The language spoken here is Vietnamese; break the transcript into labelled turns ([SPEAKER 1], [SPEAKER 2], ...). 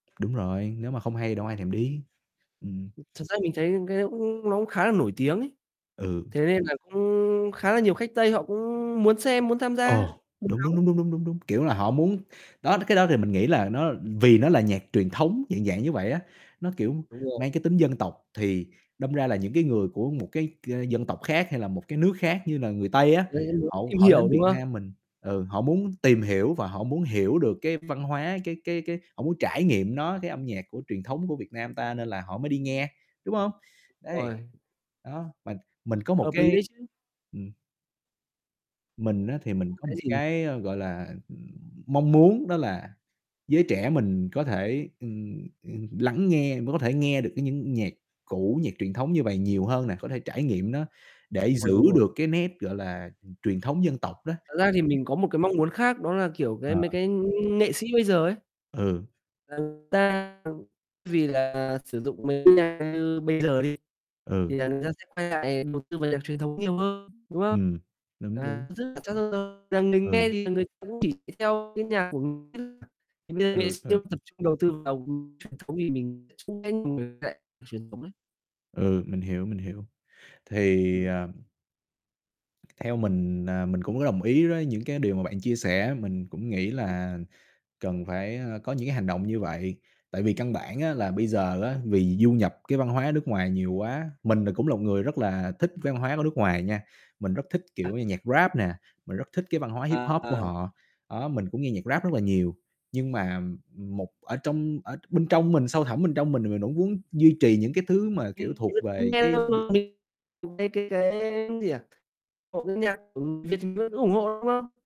[SPEAKER 1] Đúng rồi, nếu mà không hay thì đâu có ai
[SPEAKER 2] Ừm.
[SPEAKER 1] thèm đi. Ừm.
[SPEAKER 2] [unintelligible] Thật ra mình thấy những cái đấy cũng nó cũng khá là nổi tiếng ấy.
[SPEAKER 1] Ừ.
[SPEAKER 2] Thế nên là cũng khá là nhiều khách Tây họ cũng muốn xem, muốn tham gia,
[SPEAKER 1] Ồ,
[SPEAKER 2] muốn
[SPEAKER 1] đúng, đúng, đúng,
[SPEAKER 2] đóng.
[SPEAKER 1] đúng, đúng, đúng, đúng, kiểu là, họ muốn đó, cái đó thì mình nghĩ là nó vì nó là nhạc truyền thống dạng, dạng như vậy á, nó, kiểu,
[SPEAKER 2] Đúng rồi.
[SPEAKER 1] mang cái tính dân tộc thì đâm ra là những cái người của một cái, ơ, dân tộc khác hay là một cái nước khác như là người Tây á,
[SPEAKER 2] [unintelligible] muốn
[SPEAKER 1] hậu
[SPEAKER 2] tìm
[SPEAKER 1] họ
[SPEAKER 2] hiểu,
[SPEAKER 1] đến
[SPEAKER 2] đúng
[SPEAKER 1] Việt
[SPEAKER 2] không?
[SPEAKER 1] Nam mình ừ, họ muốn tìm hiểu và họ muốn hiểu được cái văn hóa, cái cái cái họ muốn trải nghiệm nó, cái âm nhạc của truyền thống của Việt Nam ta nên là họ mới đi nghe, đúng hông? Đấy,
[SPEAKER 2] [unintelligible]
[SPEAKER 1] đó, mà mình có một
[SPEAKER 2] Hợp lý
[SPEAKER 1] cái
[SPEAKER 2] đấy chứ.
[SPEAKER 1] ừm. Mình á thì mình có
[SPEAKER 2] Cái
[SPEAKER 1] một
[SPEAKER 2] gì nhỉ?
[SPEAKER 1] cái, ơ, gọi là, mong muốn đó là giới trẻ mình có thể, ừm, ừm, lắng nghe, mới có thể nghe được cái những nhạc cũ, nhạc truyền thống như vầy nhiều hơn nè, có thể trải nghiệm nó để
[SPEAKER 2] Rồi,
[SPEAKER 1] giữ
[SPEAKER 2] đúng rồi.
[SPEAKER 1] được cái nét, gọi là, ừm, truyền thống dân tộc đó.
[SPEAKER 2] Thật ra thì mình có một cái mong muốn khác đó là, kiểu, cái
[SPEAKER 1] À.
[SPEAKER 2] mấy cái nghệ sĩ bây giờ ấy
[SPEAKER 1] Ừ.
[SPEAKER 2] là người ta, ừm, vì là sử dụng mấy cái nhạc như bây giờ đi
[SPEAKER 1] Ừ.
[SPEAKER 2] thì là người ta sẽ quay lại đầu tư vào nhạc truyền thống nhiều hơn, đúng không?
[SPEAKER 1] Ừm, đúng, đúng.
[SPEAKER 2] [unintelligible] Rằng mình nghe
[SPEAKER 1] Ừ.
[SPEAKER 2] thì người ta cũng chỉ theo cái nhạc
[SPEAKER 1] Ừ, ừ.
[SPEAKER 2] [unintelligible] tập trung đầu tư vào, ưm, truyền thống thì mình [unintelligible] truyền thống ấy.
[SPEAKER 1] Ừ, mình hiểu, mình hiểu. Thì,
[SPEAKER 2] Ừm.
[SPEAKER 1] à Theo mình, à, mình cũng có đồng ý đối những cái điều mà bạn chia sẻ, mình cũng nghĩ
[SPEAKER 2] [unintelligible]
[SPEAKER 1] là cần phải, a, có những cái hành động như vậy, tại vì căn bản á là bây giờ á vì du nhập cái văn hóa nước ngoài nhiều quá. Mình là cũng là một người rất là thích văn hóa của nước ngoài nha, mình rất thích,
[SPEAKER 2] [unintelligible]
[SPEAKER 1] kiểu như, nhạc Rap nè, mình rất thích cái văn hóa Hip-hop của
[SPEAKER 2] À.
[SPEAKER 1] họ, đó, mình cũng nghe nhạc Rap rất là nhiều. Nhưng mà, ừm, một ở trong ở bên trong mình, sâu thẳm bên trong mình thì mình cũng muốn duy trì những cái thứ mà, kiểu,
[SPEAKER 2] Mình
[SPEAKER 1] thuộc
[SPEAKER 2] [unintelligible] thấy
[SPEAKER 1] về cái d
[SPEAKER 2] cái cái cái gì nhỉ? [unintelligible] nhạc Việt vẫn ủng hộ, đúng không?